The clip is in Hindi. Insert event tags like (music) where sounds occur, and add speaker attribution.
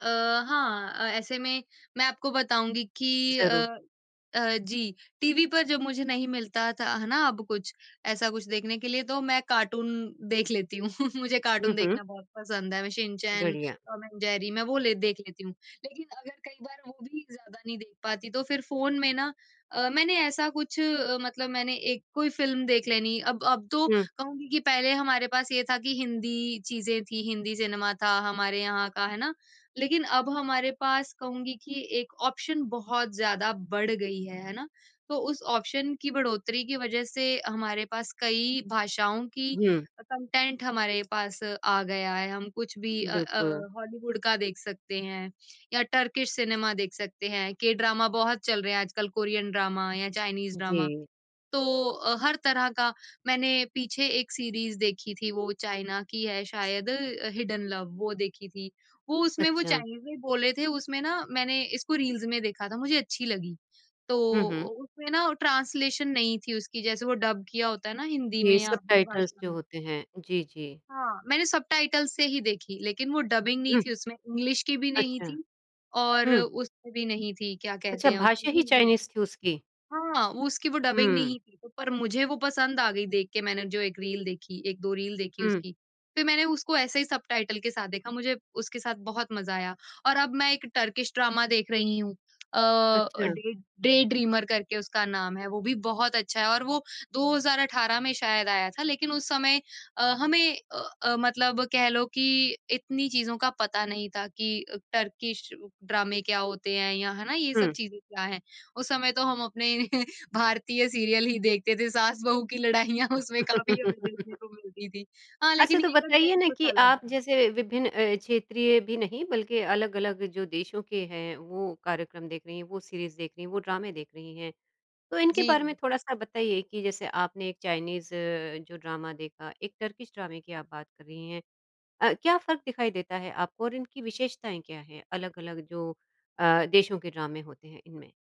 Speaker 1: अ, हाँ, अ, ऐसे में मैं आपको बताऊँगी कि
Speaker 2: ज़रूर।
Speaker 1: अ अ, जी, टीवी पर जब मुझे नहीं मिलता था, है ना, अब कुछ, ऐसा कुछ देखने के लिए, तो मैं कार्टून देख लेती हूँ। (chuckles) मुझे
Speaker 2: हुँ,
Speaker 1: कार्टून
Speaker 2: हुँ।
Speaker 1: देखना बहुत पसंद है। मैं शिनचैन,
Speaker 2: बढ़िया।
Speaker 1: टॉम एंड जेरी, मैं वो ले देख लेती हूँ। लेकिन अगर कई बार वो भी ज़्यादा नहीं देख पाती, तो फिर फ़ोन में ना अ, मैंने ऐसा कुछ अ, मतलब मैंने एक कोई फ़िल्म देख लेनी। अब अब तो
Speaker 2: हुँ।
Speaker 1: कहूँगी कि पहले हमारे पास ये था कि हिंदी चीज़ें थीं, हिंदी सिनेमा था हमारे यहाँ का, है ना? लेकिन अब हमारे पास, कहूँगी कि एक ऑप्शन बहुत ज़्यादा बढ़ गई है। है ना? तो उस ऑप्शन की बढ़ोतरी की वज़ह से हमारे पास कई भाषाओं की
Speaker 2: हुँ।
Speaker 1: कंटेंट हमारे पास आ गया है। हम कुछ भी अ अ,
Speaker 2: बिल्कुल।
Speaker 1: हॉलीवुड का देख सकते हैं, या टर्किश सिनेमा देख सकते हैं। के ड्रामा बहुत चल रहे हैं आजकल, कोरियन ड्रामा या चाइनीज़ ड्रामा।
Speaker 2: जी।
Speaker 1: तो अ, हर तरह का मैंने पीछे एक सीरीज़ देखी थी, वो चाइना की है शायद अ, हिडेन लव। वो देखी थी। वो उसमें वो
Speaker 2: अच्छा।
Speaker 1: चाइनीज़ में बोल रहे थे, उसमें ना, मैंने इसको रील्स में देखा था, मुझे अच्छी लगी। तो
Speaker 2: हुँ, हुँ।
Speaker 1: उ उसमें ना, ट्रांसलेशन नहीं थी उसकी, जैसे वो डब किया होता है ना, हिंदी
Speaker 2: ये
Speaker 1: में या अपनी
Speaker 2: सबटाइटल्स
Speaker 1: भाषा
Speaker 2: जो
Speaker 1: में।
Speaker 2: होते हैं, जी, जी।
Speaker 1: हाँ, मैंने सबटाइटल्स से ही देखी, लेकिन वो डबिंग नहीं
Speaker 2: हुँ।
Speaker 1: थी उसमें। इंग्लिश की भी नहीं
Speaker 2: अच्छा।
Speaker 1: थी, और
Speaker 2: हुँ।
Speaker 1: उसमें भी नहीं थी, क्या
Speaker 2: अच्छा,
Speaker 1: कहते हैं उसको,
Speaker 2: भाषा ही
Speaker 1: हिंदी।
Speaker 2: चाइनीज़ थी उसकी।
Speaker 1: हाँ, वो उसकी वो डबिंग
Speaker 2: हुँ।
Speaker 1: नहीं थी। पर मुझे वो पसंद आ गई देख के, मैंने जो एक रील देखी, 1-2 रील देखी
Speaker 2: हुँ।
Speaker 1: उसकी। फिर मैंने उसको ऐसे ही सबटाइटल के साथ देखा। मुझे उसके साथ बहुत मज़ा आया और अब मैं एक टर्किश ड्रामा देख रही हूँ। अ अ,
Speaker 2: अच्छा।
Speaker 1: डे डे ड्रीमर करके उसका नाम है। वो भी बहुत अच्छा है और वो 2018 में शायद आया था। लेकिन उस समय अ, हमें अ अ, मतलब कह लो कि इतनी चीज़ों का पता नहीं था कि अ, टर्किश ड्रामे क्या होते हैं, या है ना, ये सब
Speaker 2: हुँ।
Speaker 1: चीज़ें क्या हैं। उस समय तो हम अपने (chuckles) भारतीय सीरियल ही देखते थे। सास-बहू की लड़ाइयाँ उसमें काफ़ी हमें देखने
Speaker 2: (laughs)
Speaker 1: को मिलती थीं। हाँ,
Speaker 2: अच्छा,
Speaker 1: लेकिन
Speaker 2: तो
Speaker 1: ये
Speaker 2: बताइए
Speaker 1: कंटेंट
Speaker 2: ना
Speaker 1: कुछ
Speaker 2: कि
Speaker 1: अलग
Speaker 2: आप
Speaker 1: है।
Speaker 2: जैसे विभिन्न अ, क्षेत्रीय भी नहीं, बल्कि अलग-अलग जो देशों के हैं, वो कार्यक्रम देख रही हैं, वो सीरीज़ देख रही हैं, वो ड्रामे देख रही हैं। तो इनके बारे में
Speaker 1: जी।
Speaker 2: थोड़ा-सा बताइए कि जैसे आपने एक चाइनीज़, जो ड्रामा देखा, एक टर्किश ड्रामे की आप बात कर रही हैं। अ, क्या फ़र्क दिखाई देता है आपको और इनकी विशेषताएँ क्या हैं, अलग-अलग जो अ, देशों के ड्रामे होते हैं, इनमें?